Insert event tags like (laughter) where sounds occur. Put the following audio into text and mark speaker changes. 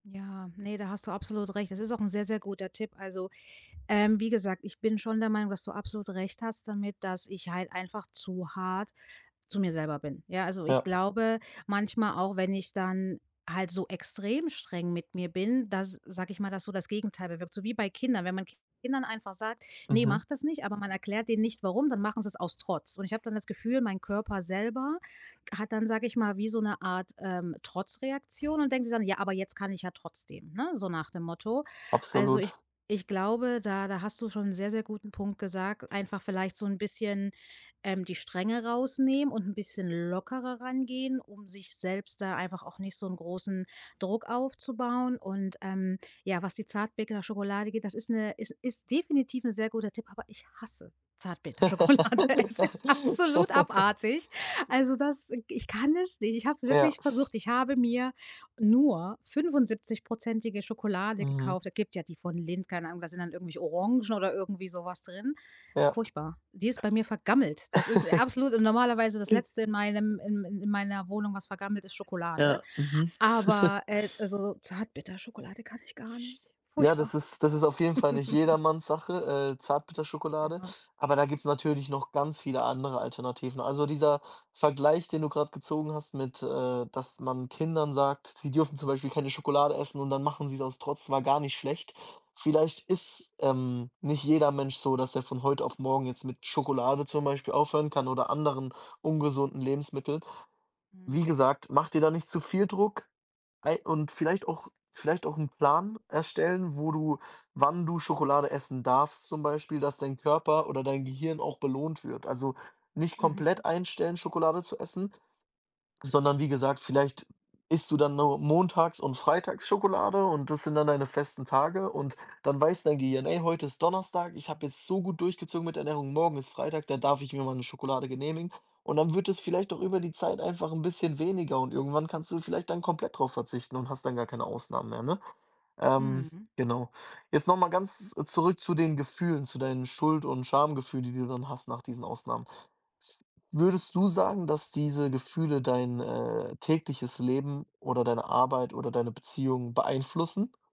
Speaker 1: Ja, ne, da hast du absolut recht. Das ist auch 'n sehr, sehr guter Tipp. Also, ähm, wie gesagt, ich bin schon der Meinung, dass du absolut recht hast damit, dass ich halt einfach zu hart zu mir selber bin. Ja, also, ich
Speaker 2: Ja.
Speaker 1: glaube manchmal auch, wenn ich dann halt so extrem streng mit mir bin, dass, sage ich mal, das so das Gegenteil bewirkt. So wie bei Kindern, wenn man Kindern einfach sagt: „Ne,
Speaker 2: Mhm.
Speaker 1: mach das nicht“, aber man erklärt denen nicht warum, dann machen sie's aus Trotz. Und ich habe dann das Gefühl, mein Körper selber hat dann, sage ich mal, wie so 'ne Art, ähm, Trotzreaktion und denkt sich dann: „Ja, aber jetzt kann ich ja trotzdem“, ne, so nach dem Motto. Also, ich
Speaker 2: Absolut.
Speaker 1: ich glaube, da da hast du schon 'n sehr, sehr guten Punkt gesagt, einfach vielleicht so 'n bisschen, ähm, die Strenge rausnehmen und 'n bisschen lockerer ran gehen, um sich selbst da einfach auch nicht so 'n großen Druck aufzubauen. Und, ähm, ja, was die Zartbitterschokolade geht, das ist 'ne es ist definitiv 'n sehr guter Tipp, aber ich hasse Zartbitterschokolade. Es ist absolut abartig.
Speaker 2: (laughs)
Speaker 1: Also, das, äh ich kann es nicht. Ich hab's
Speaker 2: Ja.
Speaker 1: wirklich versucht. Ich habe mir nur 75%ige Schokolade
Speaker 2: Mhm.
Speaker 1: gekauft. Es gibt ja die von Lindt, keine Ahnung, da sind dann irgendwelche Orangen oder irgendwie so was drin.
Speaker 2: Ja.
Speaker 1: Furchtbar. Die ist bei mir vergammelt. Das ist, äh, absolut und normalerweise das Letzte in
Speaker 2: (laughs)
Speaker 1: meinem in in in meiner Wohnung, was vergammelt ist Schokolade,
Speaker 2: Ja. Mhm. (chuckles)
Speaker 1: aber, äh, also, Zartbitterschokolade kann ich gar nicht.
Speaker 2: Ja,
Speaker 1: Furchtbar.
Speaker 2: das ist das ist auf jeden Fall nicht
Speaker 1: (laughs)
Speaker 2: jedermanns Sache, äh, Zartbitterschokolade,
Speaker 1: Ja.
Speaker 2: aber da gibt's natürlich noch ganz viele andere Alternativen. Also, dieser Vergleich, den du grad gezogen hast mit, äh, dass man Kindern sagt, sie dürfen zum Beispiel keine Schokolade essen und dann machen sie's aus Trotz, war gar nicht schlecht. Vielleicht ist ähm, nicht jeder Mensch so, dass er von heute auf morgen jetzt mit Schokolade zum Beispiel aufhören kann oder anderen ungesunden Lebensmitteln. Wie
Speaker 1: Mhm.
Speaker 2: gesagt, mach dir da nicht zu viel Druck. Ey, und vielleicht auch vielleicht auch 'n Plan erstellen, wo du wann du Schokolade essen darfst zum Beispiel, dass dein Körper oder dein Gehirn auch belohnt wird. Also, nicht
Speaker 1: Mhm.
Speaker 2: komplett einstellen, Schokolade zu essen, sondern wie gesagt, vielleicht isst du dann nur montags und freitags Schokolade und das sind dann deine festen Tage. Und dann weiß dein Gehirn: „Ey, heute ist Donnerstag. Ich habe jetzt so gut durchgezogen mit Ernährung. Morgen ist Freitag, da darf ich mir mal 'ne Schokolade genehmigen.“ Und dann wird es vielleicht auch über die Zeit einfach 'n bisschen weniger und irgendwann kannst du vielleicht dann komplett drauf verzichten und hast dann gar keine Ausnahmen mehr, ne? Ähm,
Speaker 1: Mhm.
Speaker 2: genau. Jetzt noch mal ganz, äh, zurück zu den Gefühlen, zu deinen Schuld und Schamgefühlen, die du dann hast nach diesen Ausnahmen. Würdest du sagen, dass diese Gefühle dein, äh, tägliches Leben oder deine Arbeit oder deine Beziehung beeinflussen?